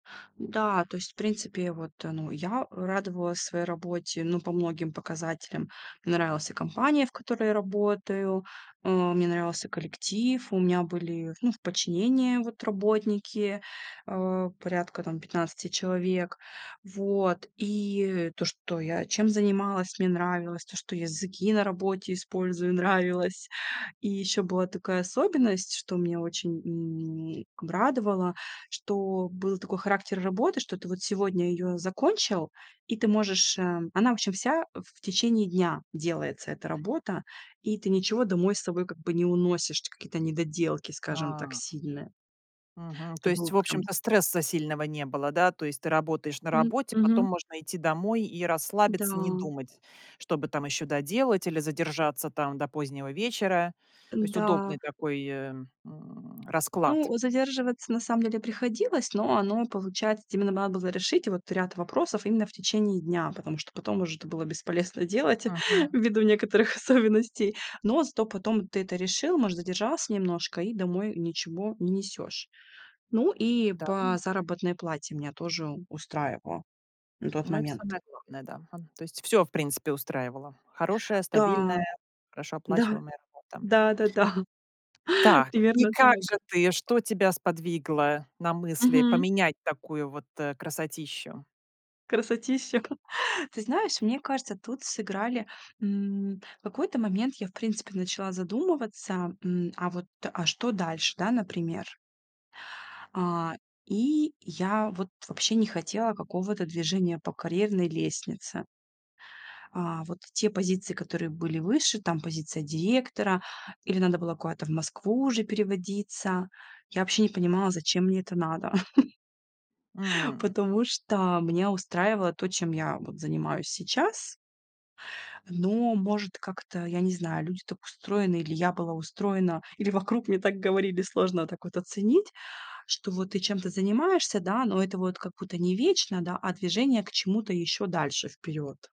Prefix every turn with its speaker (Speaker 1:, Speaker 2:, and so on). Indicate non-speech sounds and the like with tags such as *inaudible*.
Speaker 1: Да, то есть в принципе я вот, э, ну, я радовалась своей работе, ну, по многим показателям. Мне нравилась и компания, в которой я работаю, а, мне нравился коллектив, у меня были, ну, в подчинении вот работники, э, порядка там 15 человек. Вот, и то, что я чем занималась, мне нравилось, то, что языки на работе использую нравилось. И ещё была такая особенность, что меня очень, м, б радовало, что был такой характер работы, что ты вот сегодня её закончил, и ты можешь, э, она в общем вся, э, в течение дня делается эта работа. И ты ничего домой с собой как бы не уносишь, какие-то недоделки, скажем так,
Speaker 2: А.
Speaker 1: сильные.
Speaker 2: Мгм,
Speaker 1: Это
Speaker 2: то
Speaker 1: было
Speaker 2: есть, в
Speaker 1: прям
Speaker 2: общем-то, стресса сильного не было, да? То есть ты работаешь на
Speaker 1: М,
Speaker 2: работе, потом
Speaker 1: мгм.
Speaker 2: можно идти домой и расслабиться, не
Speaker 1: Да.
Speaker 2: думать, что бы там ещё доделать или задержаться там до позднего вечера. То есть
Speaker 1: Н-да.
Speaker 2: удобный такой, эм, расклад.
Speaker 1: Ну, задерживаться на самом деле приходилось. Но оно, получается, вот именно надо было решить вот ряд вопросов именно в течение дня, потому что потом уже это было бесполезно делать
Speaker 2: Мгм.
Speaker 1: ввиду некоторых особенностей. Но зато потом ты это решил, может, задержался немножко и домой ничего не несёшь. Ну и
Speaker 2: Да *unintelligible*
Speaker 1: по заработной плате меня тоже устраивало на тот
Speaker 2: ну, это
Speaker 1: момент.
Speaker 2: самое главное, да, ага. То есть всё, в принципе, устраивало. Хорошая,
Speaker 1: Да.
Speaker 2: стабильная, хорошо
Speaker 1: Да.
Speaker 2: оплачиваемая работа.
Speaker 1: Да, да-да, *chuckles*
Speaker 2: Так, и
Speaker 1: примерно
Speaker 2: как
Speaker 1: так.
Speaker 2: же ты что тебя сподвигло на мысли
Speaker 1: Мгм.
Speaker 2: поменять такую вот, э, красотищу?
Speaker 1: Красотища. *chuckles* Ты знаешь, мне кажется, тут сыграли. М, в какой-то момент я, в принципе, начала задумываться: м, а вот, а что дальше, да, например. А, и я вот вообще не хотела какого-то движения по карьерной лестнице. А, вот те позиции, которые были выше, там позиция директора или надо было куда-то в Москву уже переводиться. Я вообще не понимала, зачем мне это надо. *chuckles*
Speaker 2: М.
Speaker 1: Потому что меня устраивало то, чем я вот занимаюсь сейчас. Но может как-то, я не знаю, люди так устроены, или я была устроена, или вокруг мне так говорили, сложно так вот оценить, что вот ты чем-то занимаешься, да, но это вот как будто не вечно, да, а движение к чему-то ещё дальше вперёд.